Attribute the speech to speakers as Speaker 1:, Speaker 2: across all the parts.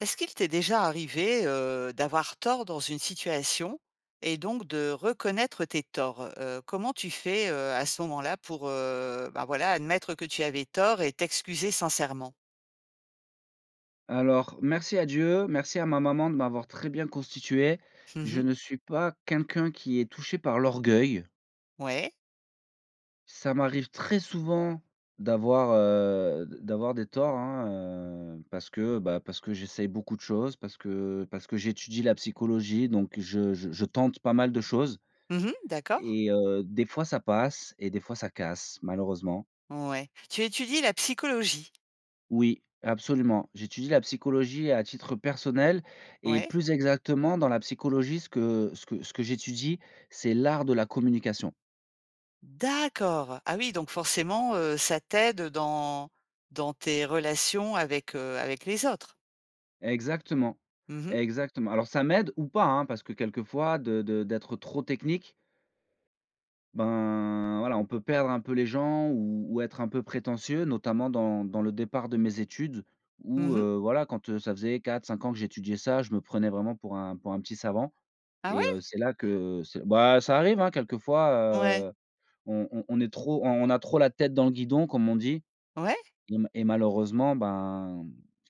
Speaker 1: Est-ce qu'il t'est déjà arrivé, heu, d'avoir tort dans une situation et donc de reconnaître tes torts? Heu, comment tu fais, heu, à ce moment-là pour, heu, ben, voilà admettre que tu avais tort et t'excuser sincèrement?
Speaker 2: Alors merci à Dieu, merci à ma maman de m'avoir très bien constitué.
Speaker 1: Mmh
Speaker 2: Je
Speaker 1: mh.
Speaker 2: ne suis pas quelqu'un qui est touché par l'orgueil.
Speaker 1: Ouais.
Speaker 2: Ça m'arrive très souvent d'avoir, heu, d d'avoir des torts hein, heu, parce que, bah, parce que j'essaye beaucoup de choses, parce que parce que j'étudie la psychologie, donc je je je tente pas mal de choses.
Speaker 1: Mmh mh, d'accord.
Speaker 2: Et heu, des fois ça passe et des fois ça casse, malheureusement.
Speaker 1: Ouais, tu étudie la psychologie?
Speaker 2: Oui, absolument. J'étudie la psychologie à titre personnel et
Speaker 1: Ouais.
Speaker 2: plus exactement dans la psychologie, ce que ce que ce que j'étudie, c'est l'art de la communication.
Speaker 1: D'accord. Ah oui, donc forcément, heu, ça t'aide dans dans tes relations avec, heu, avec les autres?
Speaker 2: Exactement,
Speaker 1: Mmh mh.
Speaker 2: exactement. Alors ça m'aide ou pas, hein, parce que quelquefois de de d'être trop technique ben, voilà on peut perdre un peu les gens ou ou être un peu prétentieux, notamment, dans dans le départ de mes études où,
Speaker 1: Mmh mh.
Speaker 2: heu, voilà quand, heu, ça faisait 4-5 ans que j'étudiais ça, je me prenais vraiment pour un pour un petit savant.
Speaker 1: Ah ouais?
Speaker 2: Et heu, c'est là que, heu bah, ça arrive hein, quelquefois,
Speaker 1: Ouais.
Speaker 2: heu, on on on est trop on on a trop la tête dans le guidon comme on dit
Speaker 1: Ouais!
Speaker 2: et ma et malheureusement, ben,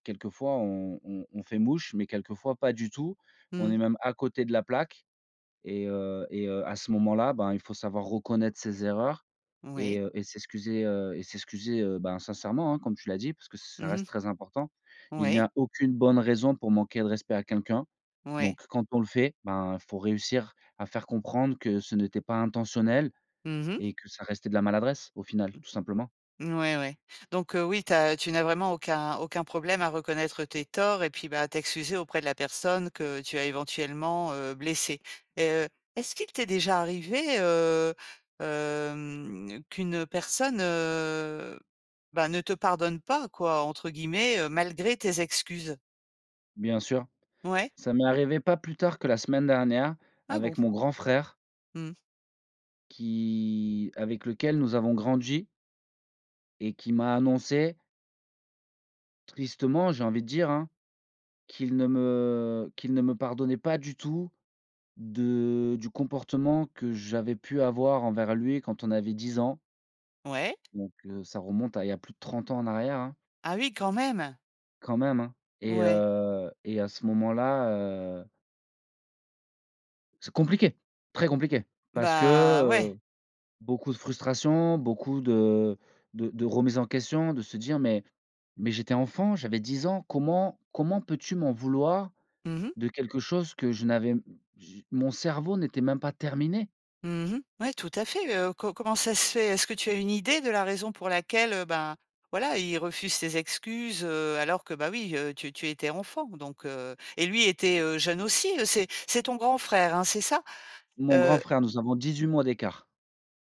Speaker 2: quelquefois on on on fait mouche mais quelquefois pas du tout. On est
Speaker 1: Mmh.
Speaker 2: même à côté de la plaque et, heu, et, heu, à ce moment-là, ben il faut savoir reconnaître ses erreurs et
Speaker 1: Oui.
Speaker 2: heu et s'excuser, heu, et s'excuser, heu, ben, sincèrement, hein, comme tu l'as dit parce que ça
Speaker 1: Mmh
Speaker 2: reste
Speaker 1: mh.
Speaker 2: très important. Il n'y
Speaker 1: Ouais.
Speaker 2: a aucune bonne raison pour manquer de respect à quelqu'un.
Speaker 1: Ouais.
Speaker 2: Donc quand on le fait, ben il faut réussir à faire comprendre que ce n'était pas intentionnel
Speaker 1: Mmh mh.
Speaker 2: et que ça restait de la maladresse, au final, tout simplement.
Speaker 1: Mouais ouais, donc heu, oui tu as tu n'as vraiment aucun aucun problème à reconnaître tes torts et puis, bah, t'excuser auprès de la personne que, tu as éventuellement, heu, blessée. Et heu, est-ce qu'il t'est déjà arrivé, heu, hem, qu'une personne heu, bah, ne te «pardonne pas» quoi entre guillemets heu, malgré tes excuses?
Speaker 2: Bien sûr,
Speaker 1: Ouais.
Speaker 2: ça m'est arrivé pas plus tard que la semaine dernière,
Speaker 1: Ah bon!
Speaker 2: avec mon grand frère.
Speaker 1: Mmh.
Speaker 2: Qui avec lequel nous avons grandi et qui m'a annoncé tristement, j'ai envie de dire hein. Qu'il ne me qu'il ne me pardonnait pas du tout de du comportement que j'avais pu avoir envers lui quand on avait 10 ans
Speaker 1: Ouais.
Speaker 2: donc, heu ça remonte à, il y a plus de 30 ans en arrière, hein
Speaker 1: Ah oui, quand même!
Speaker 2: quand même hein, et
Speaker 1: Ouais.
Speaker 2: heu et à ce moment-là heu C'est compliqué, très compliqué. Parce que
Speaker 1: Bah ouais.
Speaker 2: heu, beaucoup de frustration, beaucoup de de de remises en question de se dire: «Mais mais j'étais enfant, j'avais 10 ans, comment comment peux-tu m'en vouloir
Speaker 1: Mmh mh.
Speaker 2: de quelque chose que je n'avais m je mon cerveau n'était même pas terminé?»
Speaker 1: Mmh mh, ouais, tout à fait. Heu co comment ça se fait? Est-ce que tu as une idée de la raison pour laquelle heu, ben voilà il refuse ces excuses heu, alors que bah oui, heu, tu tu étais enfant? Donc heu et lui était heu jeune aussi, heu c'est c'est ton grand frère hein, c'est ça?
Speaker 2: Mon grand
Speaker 1: Heu.
Speaker 2: frère, nous avons 18 mois d'écart.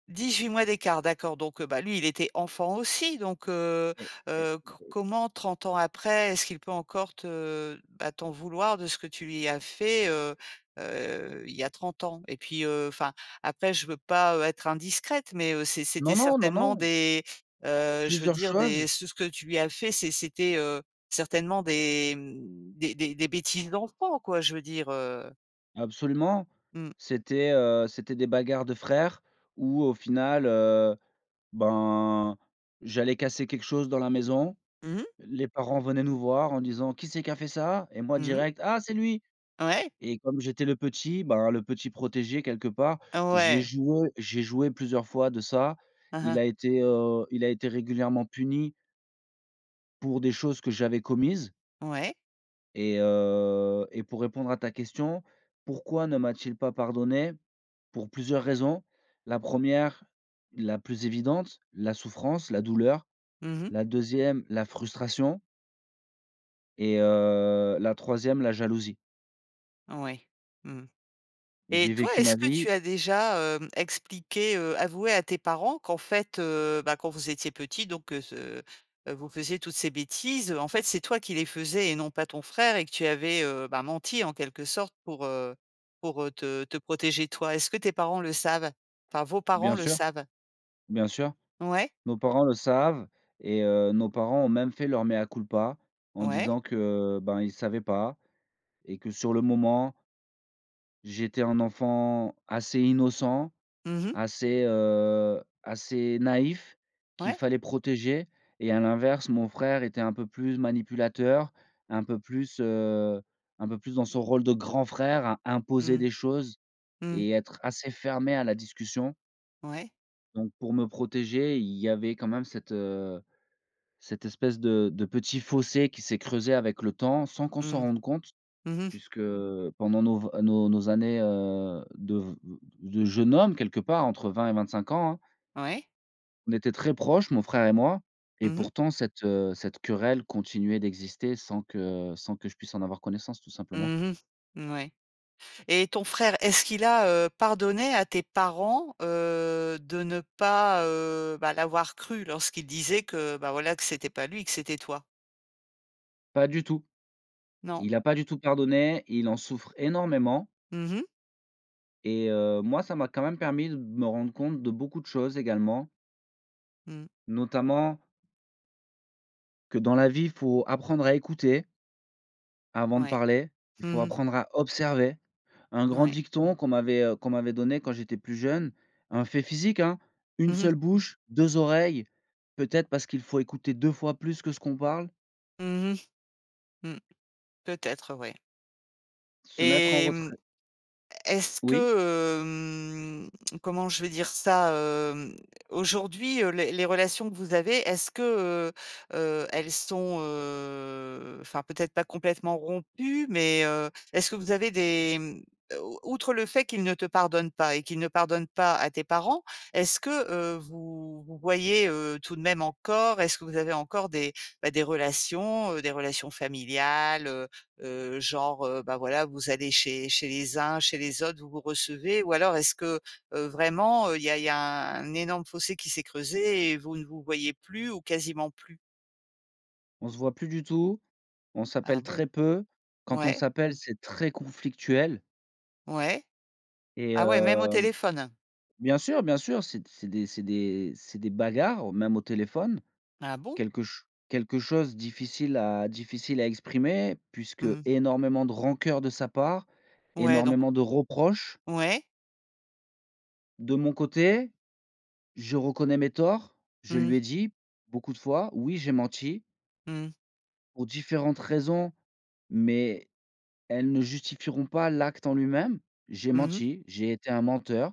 Speaker 1: 18 mois d'écart, d'accord. Donc heu, bah lui, il était enfant aussi. Donc heu
Speaker 2: Et et.
Speaker 1: heu, co
Speaker 2: [unintelligible]
Speaker 1: comment 30 ans après, est-ce qu'il peut encore te bah t'en vouloir de ce que tu lui as fait heu heu il y a 30 ans? Et puis heu enfin, après je veux pas heu, être indiscrète mais heu c'est
Speaker 2: Non
Speaker 1: c'était
Speaker 2: non! Non,
Speaker 1: certainement
Speaker 2: non!
Speaker 1: des, heu, je veux
Speaker 2: Plusieurs
Speaker 1: dire
Speaker 2: choses.
Speaker 1: des ce ce que tu lui as fait, c'est c'était heu certainement des mmh, des des des bêtises d'enfant quoi, je veux dire heu.
Speaker 2: Absolument.
Speaker 1: Mmh.
Speaker 2: C'était, heu, c'était des bagarres de frères où au final, heu, ben, j'allais casser quelque chose dans la maison.
Speaker 1: Mmh mh.
Speaker 2: L les parents venaient nous voir en disant: «Qui c'est qui a fait ça?» et moi
Speaker 1: Mmh mh.
Speaker 2: direct «Ah c'est lui!»
Speaker 1: Ouais.
Speaker 2: et comme j'étais le petit, ben, le petit protégé quelque part, j'ai
Speaker 1: Ouais.
Speaker 2: joué j'ai joué plusieurs fois de ça. Il
Speaker 1: Aha.
Speaker 2: a été, heu, il a été régulièrement puni pour des choses que j'avais commises
Speaker 1: Ouais.
Speaker 2: et heu et pour répondre à ta question, pourquoi ne m'a-t-il pas pardonné? Pour plusieurs raisons. La 1ère, la plus évidente, la souffrance, la douleur.
Speaker 1: Mmh mh.
Speaker 2: La 2ème, la frustration et heu, la 3ème la jalousie.
Speaker 1: Oui, mmh. Et
Speaker 2: J'ai
Speaker 1: toi,
Speaker 2: vécu
Speaker 1: est-ce
Speaker 2: ma
Speaker 1: que
Speaker 2: vie
Speaker 1: tu as déjà hem expliqué, heu avoué à tes parents qu'en fait heu, bah quand vous étiez petits, donc que ce heu vous faisiez toutes ces bêtises. En fait, c'est toi qui les faisais et non pas ton frère et que tu avais heu, ben menti, en quelques sortes, pour, heu, pour, heu, te te protéger toi? Est-ce que tes parents le savent? Enfin, vos parents
Speaker 2: Bien
Speaker 1: le
Speaker 2: sûr,
Speaker 1: savent?
Speaker 2: bien sûr,
Speaker 1: Ouais.
Speaker 2: nos parents le savent et heu, nos parents ont même fait leur mea culpa, en
Speaker 1: Ouais.
Speaker 2: disant que, ben, ils savaient pas et que sur le moment j'étais un enfant assez innocent,
Speaker 1: Mmh mh.
Speaker 2: assez, heu, assez naïf qu'il
Speaker 1: Ouais.
Speaker 2: fallait protéger et à l'inverse mon frère était un peu plus manipulateur, un peu plus, heu, un peu plus dans son rôle de grand frère à imposer
Speaker 1: Mmh.
Speaker 2: des choses
Speaker 1: Mmh.
Speaker 2: et être assez fermé à la discussion.
Speaker 1: Ouais.
Speaker 2: Donc pour me protéger, il y avait quand même cette, heu, cette espèce de de petit fossé qui s'est creusé avec le temps, sans qu'on s'en
Speaker 1: Mmh.
Speaker 2: rende compte.
Speaker 1: Mmh mh.
Speaker 2: Puisque, heu, pendant nos v nos nos années, heu, de v v de jeunes hommes quelque part, entre 20 et 25 ans, hein
Speaker 1: Ouais.
Speaker 2: On était très proches, mon frère et moi et
Speaker 1: Mmh mh.
Speaker 2: pourtant cette, heu, cette querelle continuait d'exister sans que sans que je puisse en avoir connaissance tout simplement.
Speaker 1: Mmh mh, mouais. Et ton frère, est-ce qu'il a, heu, pardonné à tes parents, heu, de ne pas, heu, bah, l'avoir cru lorsqu'il disait que, bah, voilà que c'était pas lui, que c'était toi?
Speaker 2: Pas du tout.
Speaker 1: Non?
Speaker 2: Il a pas du tout pardonné, et il en souffre énormément.
Speaker 1: Mmh mh.
Speaker 2: Et heu, moi ça m'a quand même permis de me rendre compte de beaucoup de choses également.
Speaker 1: Mmh.
Speaker 2: Notamment que dans la vie, faut apprendre à écouter avant de
Speaker 1: Ouais.
Speaker 2: parler. Il faut
Speaker 1: Mmh mh.
Speaker 2: apprendre à observer. Un grand
Speaker 1: Mouais.
Speaker 2: dicton qu'on m'avait, heu, qu'on m'avait donné quand j'étais plus jeune, un fait physique hein: «1
Speaker 1: Mmh mh.
Speaker 2: seule bouche, 2 oreilles, peut-être parce qu'il faut écouter 2 fois plus que ce qu'on parle.».
Speaker 1: Mmh mh. Mmh. Peut-être ouais.
Speaker 2: Se mettre en
Speaker 1: Et mmh,
Speaker 2: retrait.
Speaker 1: est-ce
Speaker 2: Oui?
Speaker 1: que, hem, comment je vais dire ça, hem? Aujourd'hui, heu, les les relations que vous avez, est-ce que, heu, heu, elles sont, heu, enfin peut-être pas complètement rompues mais, heu, est-ce que vous avez des mmh, o outre le fait qu'il ne te pardonne pas et qu'il ne pardonne pas à tes parents, est-ce que, heu, vous vous voyez, heu, tout de même encore? Est-ce que vous avez encore des, bah, des relations, heu, des relations familiales, heu heu, genre, heu, bah, voilà vous allez chez chez les uns, chez les autres, vous vous recevez? Ou alors est-ce que, heu, vraiment, heu, il y a il y a un énorme fossé qui s'est creusé et vous ne vous voyez plus ou quasiment plus?
Speaker 2: On se voit plus du tout. On
Speaker 1: Ah
Speaker 2: s'appelle
Speaker 1: bon?
Speaker 2: très peu. Quand on
Speaker 1: Ouais.
Speaker 2: s'appelle c'est très conflictuel.
Speaker 1: Ouais.
Speaker 2: Et
Speaker 1: Ah ouais, même au
Speaker 2: hem
Speaker 1: téléphone?
Speaker 2: bien sûr, bien sûr! C'est d c'est des c'est des c'est des bagarres au même au téléphone.
Speaker 1: Ah bon?
Speaker 2: Quelque ch quelque chose difficile à difficile à exprimer puisque
Speaker 1: Mmh.
Speaker 2: énormément de rancœurs de sa part,
Speaker 1: Ouais donc
Speaker 2: énormément de reproches.
Speaker 1: Ouais.
Speaker 2: De mon côté, je reconnais mes torts, je
Speaker 1: Mmh.
Speaker 2: lui ai dit beaucoup de fois: «Oui, j'ai menti
Speaker 1: Mmh.
Speaker 2: pour différentes raisons, mais elles ne justifieront pas l'acte en lui-même. J'ai
Speaker 1: Mmh mh.
Speaker 2: menti, j'ai été un menteur,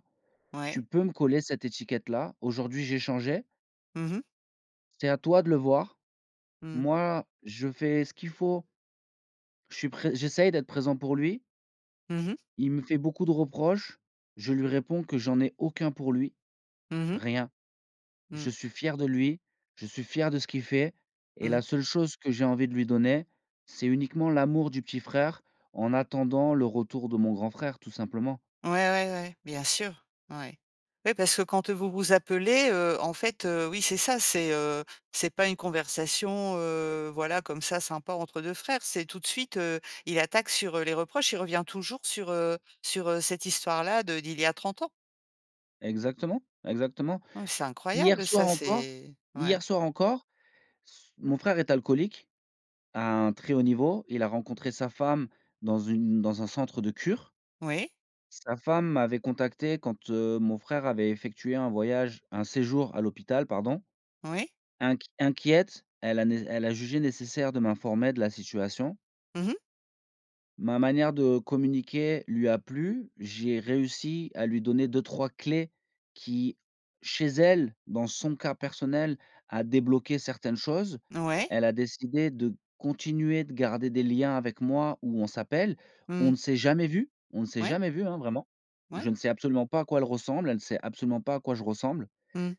Speaker 1: Ouais.
Speaker 2: tu peux me coller cette étiquette-là, aujourd'hui j'ai changé
Speaker 1: Mmh mh.
Speaker 2: c'est à toi de le voir.
Speaker 1: Mmh.
Speaker 2: Moi, je fais ce qu'il faut» je suis pré j'essaye d'être présent pour lui
Speaker 1: Mmh mh.
Speaker 2: il me fait beaucoup de reproches. Je lui réponds que: «J'en ai aucun pour lui,
Speaker 1: Mmh mh.
Speaker 2: rien. Je
Speaker 1: Mmh.
Speaker 2: suis fier de lui, je suis fier de ce qu'il fait, et la
Speaker 1: Mmh.
Speaker 2: seule chose que j'ai envie de lui donner, c'est uniquement l'amour du petit frère en attendant le retour de mon grand frère tout simplement.»
Speaker 1: Ouais, ouais, ouais, bien sûr. Ouais. Ouais parce que quand vous vous appelez, heu, en fait, heu, oui, c'est ça, c'est, heu, c'est pas une conversation heu, voilà comme ça, sympa entre 2 frères. C'est tout de suite, heu, il attaque sur, heu, les reproches. Il revient toujours sur, heu sur, heu, cette histoire-là de d'il y a 30 ans.
Speaker 2: Exactement, exactement.
Speaker 1: Hein, c'est
Speaker 2: Hier
Speaker 1: incroyable,
Speaker 2: soir
Speaker 1: ça,
Speaker 2: encore
Speaker 1: c'est. Ouais.
Speaker 2: hier soir encore, s mon frère est alcoolique, à un très haut niveau. Il a rencontré sa femme dans une dans un centre de cure.
Speaker 1: Oui.
Speaker 2: Sa femme m'avait contacté quand, heu, mon frère avait effectué un voyage un séjour à l'hôpital, pardon.
Speaker 1: Oui.
Speaker 2: Inq inquiète, elle a né elle a jugé nécessaire de m'informer de la situation.
Speaker 1: Mmh mh.
Speaker 2: Ma manière de communiquer lui a plu. J'ai réussi à lui donner 2-3 clés qui, chez elle, dans son cas personnel, a débloqué certaines choses.
Speaker 1: Ouais.
Speaker 2: Elle a décidé de continuer de garder des liens avec moi, où on s'appelle. On
Speaker 1: Mmh.
Speaker 2: ne s'est jamais vus on ne s'est
Speaker 1: Ouais.
Speaker 2: jamais vus, hein, vraiment.
Speaker 1: Ouais.
Speaker 2: Je ne sais absolument pas à quoi elle ressemble, elle ne sait absolument pas à quoi je ressemble.
Speaker 1: Mmh.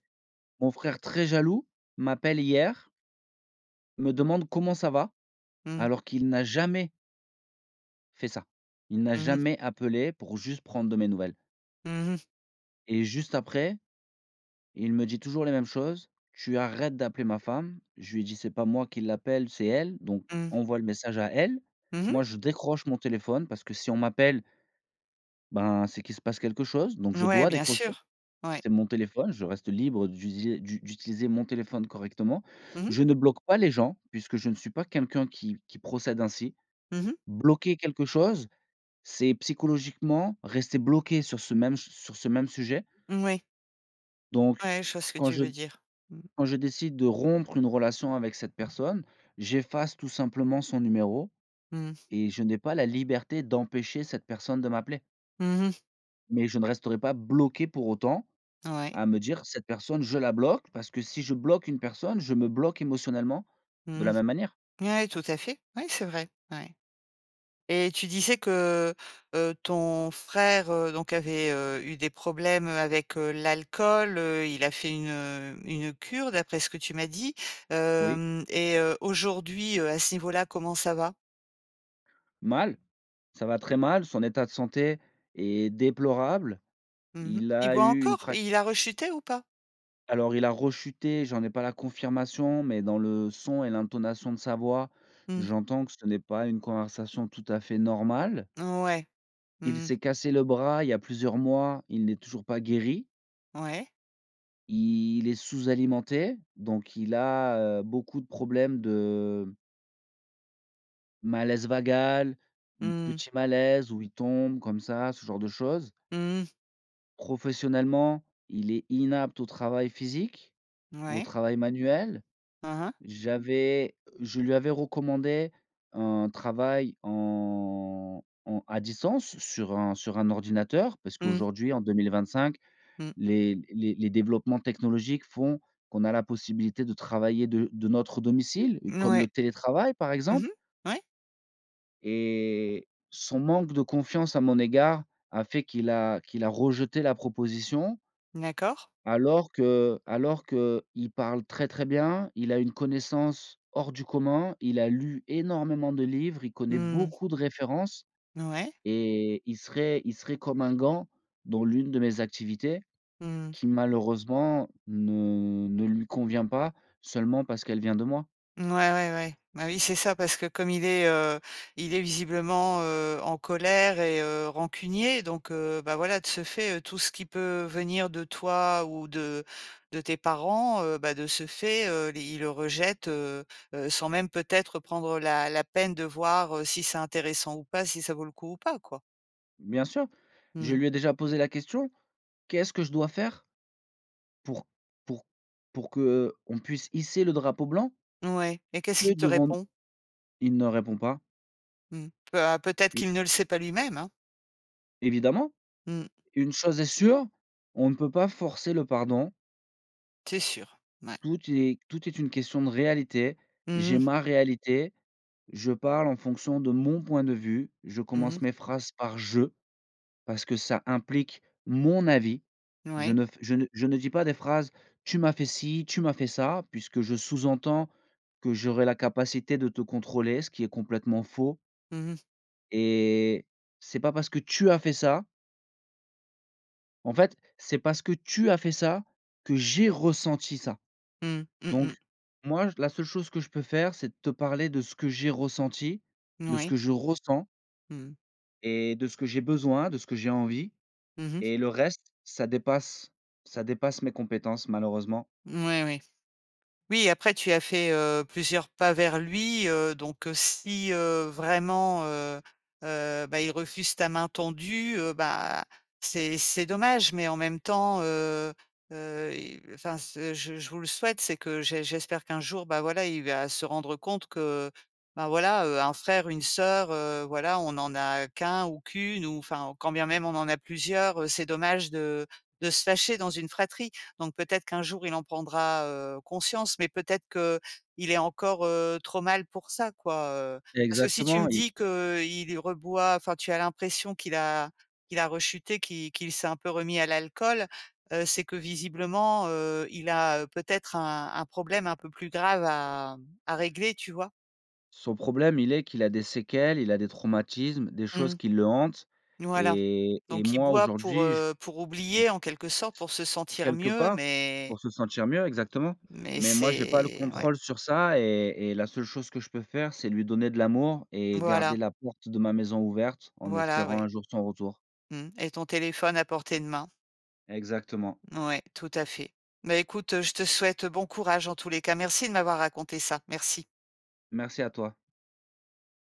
Speaker 2: Mon frère, très jaloux, m'appelle hier me demande: «Comment ça va?»,
Speaker 1: Mmh.
Speaker 2: alors qu'il n'a jamais fait ça. Il n'a
Speaker 1: Mmh mh.
Speaker 2: jamais appelé pour juste prendre de mes nouvelles.
Speaker 1: Mmh mh.
Speaker 2: Et juste après, il me dit toujours les mêmes choses: «Tu arrêtes d'appeler ma femme!». Je lui ai dit: «C'est pas moi qui l'appelle, c'est elle, donc
Speaker 1: Mmh.
Speaker 2: envoie le message à elle.».
Speaker 1: Mmh mh.
Speaker 2: Moi, je décroche mon téléphone parce que, si on m'appelle ben, c'est qu'il se passe quelque chose. Donc, je
Speaker 1: Ouais,
Speaker 2: dois
Speaker 1: bien
Speaker 2: décrocher.
Speaker 1: sûr. Ouais.
Speaker 2: C'est mon téléphone, je reste libre d'utiliser du d'utiliser mon téléphone correctement.
Speaker 1: Mmh mh.
Speaker 2: Je ne bloque pas les gens, puisque je ne suis pas quelqu'un qui qui procède ainsi.
Speaker 1: Mmh mh.
Speaker 2: Bloquer quelque chose, c'est psychologiquement rester bloqué sur ce même s sur ce même sujet.
Speaker 1: Moui.
Speaker 2: Donc,
Speaker 1: Ouais, je vois ce que
Speaker 2: quand
Speaker 1: tu
Speaker 2: je
Speaker 1: veux dire. Mmh.
Speaker 2: quand je décide de rompre une relation avec cette personne, j'efface tout simplement son numéro,
Speaker 1: Mmh.
Speaker 2: et je n'ai pas la liberté d'empêcher cette personne de m'appeler.
Speaker 1: Mmh mh.
Speaker 2: Mais je ne resterai pas bloqué pour autant.
Speaker 1: Ouais.
Speaker 2: À me dire: «Cette personne, je la bloque», parce que si je bloque une personne, je me bloque émotionnellement de
Speaker 1: Mmh.
Speaker 2: la même manière.
Speaker 1: Ouais, tout à fait. Ouais, c'est vrai, ouais. Et tu disais que, heu, ton frère, heu, donc avait, heu, eu des problèmes, heu, avec, heu, l'alcool. Heu, il a fait une, heu, une cure d'après ce que tu m'as dit.
Speaker 2: Oui.
Speaker 1: Hem et heu, aujourd'hui, heu, à ce niveau-là, comment ça va?
Speaker 2: Mal, ça va très mal, son état de santé est déplorable.
Speaker 1: Mmh mh.
Speaker 2: Il
Speaker 1: Il
Speaker 2: a
Speaker 1: boit
Speaker 2: eu une
Speaker 1: encore
Speaker 2: frac.
Speaker 1: et il a rechuté ou pas?
Speaker 2: Alors il a rechuté, j'en ai pas la confirmation, mais dans le son et l'intonation de sa voix,
Speaker 1: Mmh.
Speaker 2: j'entends que ce n'est pas une conversation tout à fait normale.
Speaker 1: Mouais,
Speaker 2: Il
Speaker 1: mmh.
Speaker 2: s'est cassé le bras il y a plusieurs mois, il n'est toujours pas guéri.
Speaker 1: Ouais?
Speaker 2: Il est sous-alimenté. Donc il a, heu, beaucoup de problèmes de malaise vagal. Mmh,
Speaker 1: Mmh.
Speaker 2: petit malaise où il tombe comme ça, ce genre de choses.
Speaker 1: Mmh.
Speaker 2: Professionnellement, il est inapte au travail physique, au
Speaker 1: Ouais.
Speaker 2: travail manuel.
Speaker 1: Aha.
Speaker 2: J'avais je lui avais recommandé un travail en en à distance sur un sur un ordinateur, parce
Speaker 1: Mmh.
Speaker 2: qu'aujourd'hui en 2025,
Speaker 1: Mmh.
Speaker 2: les l les les développements technologiques font qu'on a la possibilité de travailler de de notre domicile, comme le
Speaker 1: Ouais.
Speaker 2: télétravail par
Speaker 1: Mmh mh,
Speaker 2: exemple
Speaker 1: ouais.
Speaker 2: et son manque de confiance à mon égard a fait qu'il a qu'il a rejeté la proposition
Speaker 1: D'accord.
Speaker 2: alors que alors qu'il parle très, très bien, il a une connaissance, hors du commun, il a lu énormément de livres, il connaît
Speaker 1: Mmh.
Speaker 2: beaucoup de références
Speaker 1: Ouais.
Speaker 2: et il serait il serait comme un gant dans l'une de mes activités
Speaker 1: Mmh mh.
Speaker 2: qui malheureusement ne ne lui convient pas seulement parce qu'elle vient de moi.
Speaker 1: Ouais, ouais, ouais, bah oui, c'est ça parce que comme il est, heu, il est visiblement, heu, en colère et heu, rancunier, donc, heu, bah, voilà de ce fait, heu, tout ce qui peut venir de toi ou de de tes parents, heu, bah, de ce fait, heu, les il le rejette, heu heu, sans même peut-être prendre la la peine de voir, heu, si c'est intéressant ou pas, si ça vaut le coup ou pas quoi.
Speaker 2: Bien sûr. Je
Speaker 1: Mmh.
Speaker 2: lui ai déjà posé la question: «Qu'est-ce que je dois faire pour pour pour que, heu, on puisse hisser le drapeau blanc?»
Speaker 1: Ouais et qu'est-ce
Speaker 2: Que
Speaker 1: qu'il te
Speaker 2: devons-nous
Speaker 1: répond?
Speaker 2: il ne répond pas.
Speaker 1: Mmh mh, peut à peut-être
Speaker 2: Oui.
Speaker 1: qu'il ne le sait pas lui-même hein.
Speaker 2: Évidemment,
Speaker 1: Mmh.
Speaker 2: une chose est sûre, on ne peut pas forcer le pardon
Speaker 1: C'est sûr, mouais.
Speaker 2: tout est tout est une question de réalité.
Speaker 1: Mmh
Speaker 2: J'ai
Speaker 1: mh.
Speaker 2: ma réalité, je parle en fonction de mon point de vue, je
Speaker 1: Mmh
Speaker 2: commence
Speaker 1: mh.
Speaker 2: mes phrases par je, parce que ça implique mon avis, je
Speaker 1: Ouais.
Speaker 2: ne f je ne je ne dis pas des phrases: «Tu m'as fait ci, tu m'as fait ça.» puisque je sous-entends que j'aurais la capacité de te contrôler ce qui est complètement faux
Speaker 1: Mmh mh.
Speaker 2: et c'est pas parce que tu as fait ça en fait c'est parce que tu as fait ça, que j'ai ressenti ça.
Speaker 1: Mmh. Mmh
Speaker 2: Donc,
Speaker 1: mh.
Speaker 2: moi, la seule chose que je peux faire, c'est de te parler de ce que j'ai ressenti, de ce que
Speaker 1: Moui.
Speaker 2: je ressens
Speaker 1: Mmh.
Speaker 2: et de ce que j'ai besoin, de ce que j'ai envie
Speaker 1: Mmh mh.
Speaker 2: et le reste, ça dépasse ça dépasse mes compétences malheureusement.
Speaker 1: Mouais, oui. Oui, après tu as fait, heu, plusieurs pas vers lui. Heu, donc heu, si, heu, vraiment, heu heu, bah, il refuse ta main tendue, heu, bah, c'est c'est dommage, mais en même temps, heu heu et enfin ce je je vous le souhaite, c'est que j'é j'espère qu'un jour, bah, voilà, il va se rendre compte que, bah, voilà, heu, un frère, une sœur, heu, voilà on en a qu'un ou qu'une ou enfin quand bien même on en a plusieurs, heu, c'est dommage de de se fâcher dans une fratrie. Donc peut-être qu'un jour il en prendra, heu, conscience. Mais peut-être qu'il est encore, heu, trop mal pour ça quoi, heu. Parce que si tu me
Speaker 2: Exactement, il
Speaker 1: dis que, heu, il reboit, enfin tu as l'impression qu'il a qu'il a rechuté, qu'il qu'il s'est un peu remis à l'alcool, heu, c'est que visiblement, heu, il a, heu, peut-être un un problème un peu plus grave à à régler. Tu vois?
Speaker 2: Son problème, il est qu'il a des séquelles, il a des traumatismes, des choses
Speaker 1: Mmh.
Speaker 2: qui le hantent
Speaker 1: Voilà,
Speaker 2: et et
Speaker 1: donc il
Speaker 2: moi
Speaker 1: boit pour,
Speaker 2: aujourd'hui j
Speaker 1: heu, pour
Speaker 2: je
Speaker 1: oublier en quelque sorte, pour se
Speaker 2: Et
Speaker 1: sentir
Speaker 2: quelque
Speaker 1: mieux,
Speaker 2: part
Speaker 1: mais
Speaker 2: pour se sentir mieux exactement,
Speaker 1: mais,
Speaker 2: mais moi j'ai pas le
Speaker 1: c'est ouais.
Speaker 2: contrôle sur ça et et la seule chose que je peux faire c'est lui donner de l'amour et garder
Speaker 1: Voilà.
Speaker 2: la porte de ma maison ouverte en
Speaker 1: Voilà,
Speaker 2: espérant
Speaker 1: oui.
Speaker 2: un jour son retour.
Speaker 1: Mmh et ton téléphone à portée de main.
Speaker 2: Exactement.
Speaker 1: Ouais, tout à fait. Bah, écoute, heu, je te souhaite bon courage en tous les cas. Merci de m'avoir raconté ça. Merci.
Speaker 2: Merci à toi.